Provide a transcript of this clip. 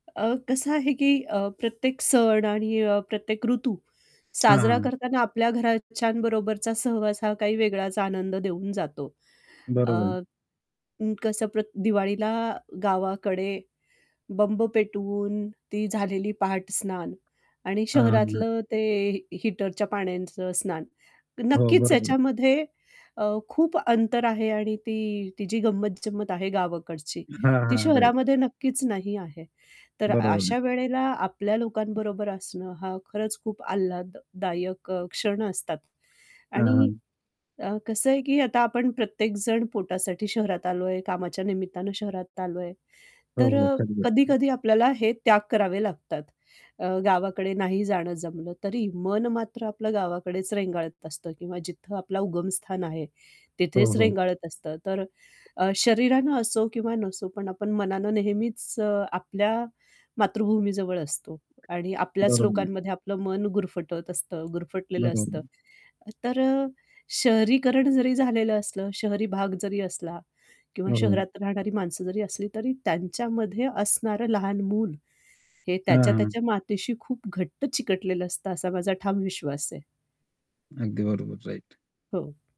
अ, कसं आहे की अ, प्रत्येक सण आणि प्रत्येक ऋतू साजरा हां. करताना आपल्या घरच्यांबरोबरचा सहवास हा काही वेगळाच आनंद देऊन जातो. अ, बरोबर आहे. कसं प्र दिवाळीला गावाकडे बंब पेटवून ती झालेली पहाटस्नान आणि हां, हां, हां. शहरातलं ते ही हीटरच्या पाण्याचं स्नान हो, नक्कीच बरोबर. त्याच्यामध्ये अ, खूप अंतर आहे आणि ती ती जी गंमत-जंमत आहे गावाकडची हां, ती हां. राइट. शहरामध्ये नक्कीच नाही आहे, तर बरोबर आहे. अशा वेळेला आपल्या लोकांबरोबर असणं, हा खरंच खूप आल्हाददायक अ, क्षण असतात हां, आणि हां. अ, कसं आहे, की आता आपण प्रत्येकजण पोटासाठी शहरात आलो आहे, कामाच्या निमित्तानं शहरात आलो आहे, हो, तर हो. अ, [unintelligible] कधी-कधी आपल्याला हे त्याग करावे लागतात. अ, गावाकडे नाही जाणं जमलं तरी मन मात्र आपलं गावाकडेच रेंगाळत असतं किंवा जिथं आपलं उगमस्थान आहे हो, तिथेच हो. रेंगाळत असतं. तर अ, शरीरानं असो किंवा नसो, पण आपण मनानं नेहमीच अ, आपल्या मातृभूमीजवळ असतो आणि आपल्याच [unintelligible] लोकांमध्ये आपलं मन गुरफटत असतं गुरफटलेलं असतं. बरोबर [unintelligible] तर अ, शहरीकरण जरी झालेलं असलं, शहरी भाग जरी असला किंवा हो, हो. शहरात राहणारी माणसं जरी असली, तरी त्यांच्यामध्ये असणारं लहान मूल हे हां, हां. त्याच्या-त्याच्या मातेशी खूप घट्ट चिकटलेलं असतं, असा माझा ठाम विश्वास आहे. अगदी बरोबर. राइट. हो.